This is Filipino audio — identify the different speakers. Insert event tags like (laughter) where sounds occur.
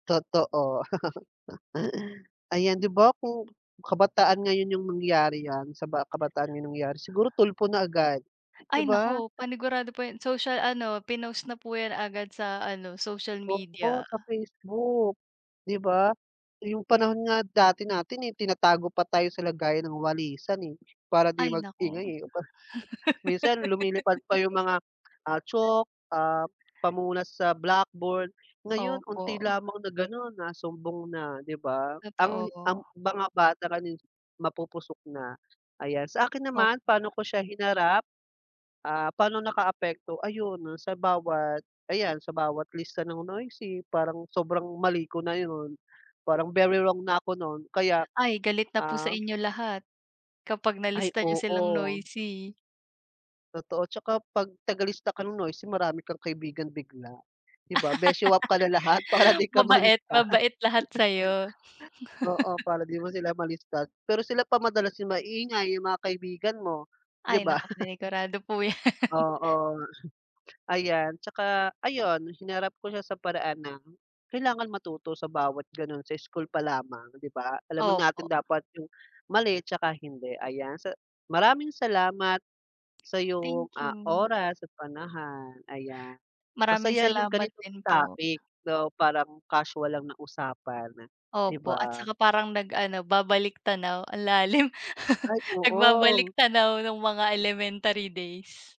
Speaker 1: Totoo. (laughs) Ayan 'di ba, kung kabataan ngayon yung nangyari 'yan, sa ba sa kabataan ngayon nangyari siguro Tulfo na agad, 'di
Speaker 2: Ay
Speaker 1: ba?
Speaker 2: naku, panigurado po 'yan, social ano, pinost na po 'yan agad sa ano, social
Speaker 1: Oo,
Speaker 2: media.
Speaker 1: sa Facebook, 'di ba? Yung panahon nga dati natin, eh, tinatago pa tayo sa lagayan ng walisan, eh, para di
Speaker 2: Ay naku.
Speaker 1: mag-ingay, eh, aba minsan lumilipad pa
Speaker 2: (laughs)
Speaker 1: yung mga, ah, chalk, ah, pamunas sa blackboard, ngayon unti
Speaker 2: Opo.
Speaker 1: lamang na gano'n nasumbong na, 'di ba? Ang
Speaker 2: Totoo.
Speaker 1: ang mga bata ngayon, mapupusok na. Ayan, sa akin naman pa'no
Speaker 2: Opo.
Speaker 1: ko siya hinarap, ah, paano nakaapekto? Ayun, noon sa bawat ayan sa bawat lista ng noisy parang sobrang mali ko na yun, parang very wrong na ako nun kaya,
Speaker 2: Ay galit na po sa
Speaker 1: ah
Speaker 2: inyo lahat, kapag
Speaker 1: Ay
Speaker 2: nalista niyo silang
Speaker 1: oo.
Speaker 2: noisy.
Speaker 1: Totoo, at saka 'pag tagalista ka ng noisy marami kang kaibigan bigla, 'di ba, beshy up ka na lahat para
Speaker 2: (laughs)
Speaker 1: 'di ka
Speaker 2: Mabait,
Speaker 1: malista.
Speaker 2: mabait lahat sa'yo.
Speaker 1: (chuckles) Oo,
Speaker 2: (laughs)
Speaker 1: para 'di mo sila malista, pero sila pa madalas yung maingay yung mga kaibigan mo, 'di
Speaker 2: Ay
Speaker 1: ba?
Speaker 2: naku,
Speaker 1: (laughs)
Speaker 2: panigurado po 'yan. (laughs)
Speaker 1: Oo nga. Ayan tsaka ayun hinarap ko siya sa paraan na kailangan matuto sa bawat ganoon, sa school pa lamang, 'di ba? Alam na natin
Speaker 2: Opo.
Speaker 1: dapat yung mali at saka hindi, ayan. Sa maraming salamat sa iyong,
Speaker 2: Thank
Speaker 1: ah,
Speaker 2: you.
Speaker 1: oras at panahon. Ayan,
Speaker 2: Maraming
Speaker 1: masaya yung
Speaker 2: salamat
Speaker 1: ganitong
Speaker 2: din po.
Speaker 1: topic, so parang casual lang na usapan, 'di
Speaker 2: Opo at
Speaker 1: ba?
Speaker 2: saka parang nag-ano babalik-tanaw. Ang lalim,
Speaker 1: Ay,
Speaker 2: (laughs)
Speaker 1: oo.
Speaker 2: nagbabalik-tanaw noong mga elementary days.